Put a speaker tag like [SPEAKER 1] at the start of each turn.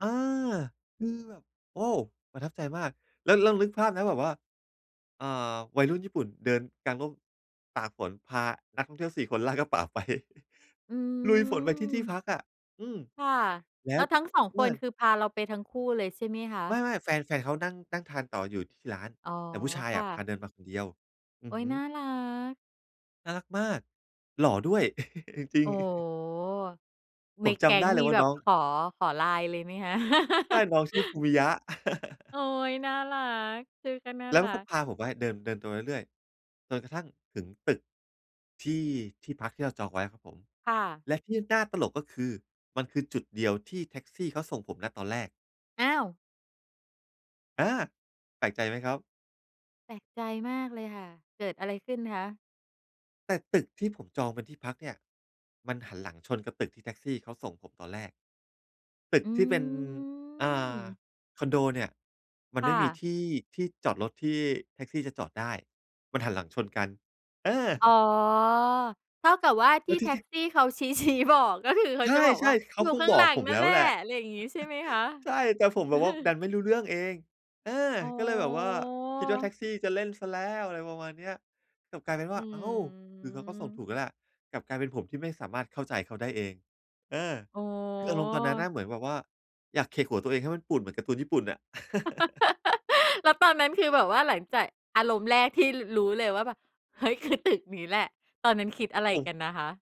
[SPEAKER 1] อา คือแบบ โอ้ ประทับใจมาก แล้ว แล้วนึกภาพนะแบบว่า อ่า วัยรุ่นญี่ปุ่นเดินกางร่ม ตากฝนพานักท่องเที่ยว 4 คน ลากกระเป๋าไป
[SPEAKER 2] อื
[SPEAKER 1] ลุยฝนไปที่ที่
[SPEAKER 2] ม
[SPEAKER 1] พักอะ อืม
[SPEAKER 2] ค่ะ
[SPEAKER 1] แล้
[SPEAKER 2] แล้
[SPEAKER 1] ว
[SPEAKER 2] วทั้ง 2
[SPEAKER 1] เพ
[SPEAKER 2] ค
[SPEAKER 1] ื่อ
[SPEAKER 2] น
[SPEAKER 1] น
[SPEAKER 2] คือพาเราไปทั้งคู่เลยใช่ไหมคะ?
[SPEAKER 1] ไม่ ๆ แฟน แฟนเขานั่ง นั่งทานต่ออยู่ที่ร้าน
[SPEAKER 2] อ๋อ
[SPEAKER 1] แต่ผู้ชาย
[SPEAKER 2] ค
[SPEAKER 1] อ
[SPEAKER 2] ่
[SPEAKER 1] ะพา
[SPEAKER 2] ะ
[SPEAKER 1] เดินมาคนเดียว อ
[SPEAKER 2] โ
[SPEAKER 1] ื
[SPEAKER 2] อ
[SPEAKER 1] อ
[SPEAKER 2] ๊ย
[SPEAKER 1] ฮึ
[SPEAKER 2] น่ารัก
[SPEAKER 1] น่ารักมาก หล่อด้วย จริ
[SPEAKER 2] โอ
[SPEAKER 1] ง
[SPEAKER 2] ้โฮ!
[SPEAKER 1] ผ
[SPEAKER 2] ใน
[SPEAKER 1] มจ
[SPEAKER 2] แก๊
[SPEAKER 1] ำไ
[SPEAKER 2] ง
[SPEAKER 1] ด
[SPEAKER 2] ค
[SPEAKER 1] ้
[SPEAKER 2] ์
[SPEAKER 1] เล
[SPEAKER 2] มี
[SPEAKER 1] ยว่า
[SPEAKER 2] แบ
[SPEAKER 1] น
[SPEAKER 2] บ
[SPEAKER 1] ้อง
[SPEAKER 2] ขอ ขอ LINE เลยไหมคะ?
[SPEAKER 1] ใช่ น้องชื่อ ฟูมิยะ
[SPEAKER 2] โอ๊ย น่ารัก ชื่อก็น่า
[SPEAKER 1] แล้วเ
[SPEAKER 2] ร
[SPEAKER 1] ข
[SPEAKER 2] ั
[SPEAKER 1] าก็
[SPEAKER 2] ก
[SPEAKER 1] พาผมไว้ เดิน เดินตรงเรื่อย ๆ จนกระทั่งถึงตึก ที่ ที่พักที่เราจองไว้ครับผม
[SPEAKER 2] ค่ะ
[SPEAKER 1] และที่น่าตลก ก็คือมันคือจุดเดียวที่แท็กซี่เขาส่งผม ณ ตอนแรก
[SPEAKER 2] อ้าว
[SPEAKER 1] อา แปลกใจไหมครับ?
[SPEAKER 2] แปลกใจมากเลยค่ะ เกิดอะไรขึ้นคะ?
[SPEAKER 1] แต่ตึกที่ผมจองเป็นที่พักเนี่ย มันหันหลังชนกับตึกที่แท็กซี่เขาส่งผมตอนแรก ตึก
[SPEAKER 2] อื
[SPEAKER 1] ที่เป็น อ่า
[SPEAKER 2] ม
[SPEAKER 1] คอนโดเนี่ย มัน
[SPEAKER 2] ค
[SPEAKER 1] ไม
[SPEAKER 2] ่
[SPEAKER 1] ่มี
[SPEAKER 2] ะ
[SPEAKER 1] ที่ ที่จอดรถที่แท็กซี่จะจอดได้ มันหันหลังชนกัน เออ
[SPEAKER 2] อ๋อ เท่ากับว่า ท
[SPEAKER 1] แล
[SPEAKER 2] ี
[SPEAKER 1] ้
[SPEAKER 2] ่
[SPEAKER 1] วท
[SPEAKER 2] แ
[SPEAKER 1] ี
[SPEAKER 2] ท
[SPEAKER 1] ่
[SPEAKER 2] ็
[SPEAKER 1] ที
[SPEAKER 2] ก
[SPEAKER 1] ่
[SPEAKER 2] ซี่เขาชี้ ชี้บอก ก็คือ เขา
[SPEAKER 1] ใช
[SPEAKER 2] จะบอกว
[SPEAKER 1] ่
[SPEAKER 2] ่า
[SPEAKER 1] ๆ เข
[SPEAKER 2] อ
[SPEAKER 1] า
[SPEAKER 2] ยู่
[SPEAKER 1] คง
[SPEAKER 2] ข้าง
[SPEAKER 1] บ
[SPEAKER 2] ห
[SPEAKER 1] อ
[SPEAKER 2] ล
[SPEAKER 1] ก
[SPEAKER 2] ัง
[SPEAKER 1] ผม
[SPEAKER 2] นั่
[SPEAKER 1] แล
[SPEAKER 2] น
[SPEAKER 1] ้
[SPEAKER 2] แห
[SPEAKER 1] ว
[SPEAKER 2] ละ
[SPEAKER 1] แหละ
[SPEAKER 2] อะไรอย่างงี้ใช่ไหมคะ?
[SPEAKER 1] ใช่ แต่ผมแบบว่า ดันไม่รู้เรื่องเอง เออ
[SPEAKER 2] อ๋
[SPEAKER 1] ก็เลยแบบว่า คิดว่าแท็
[SPEAKER 2] อ
[SPEAKER 1] กซี่จะเล่นเสียแล้ว อะไรประมาณเนี้ย กลับกลายเป็นว
[SPEAKER 2] อื
[SPEAKER 1] ่า อ้าว คือเขาก็ส่งถ
[SPEAKER 2] ม
[SPEAKER 1] ูกแล้วแหละ กลับกลายเป็นผมที่ไม่สามารถเข้าใจเขาได้เอง เออ
[SPEAKER 2] โอ้
[SPEAKER 1] คืออารมณ์ตอนนั้นน
[SPEAKER 2] โ
[SPEAKER 1] ่
[SPEAKER 2] ฮ
[SPEAKER 1] ะเหมือนแบบว่า อยากเขกหัวตัวเองให้มันปูดเหมือนการ์ตูนญี่ปุ่นน่ะ
[SPEAKER 2] แล้วตอนนั้น คือแบบว่าหลังจากอารมณ์แรกที่ ร รู้เลยว่าแบบ เฮ้ย! คือ ตึกนี้แหละ ตอนนั้นคิดอะไร
[SPEAKER 1] โอ
[SPEAKER 2] กั
[SPEAKER 1] ้
[SPEAKER 2] นนะคะ?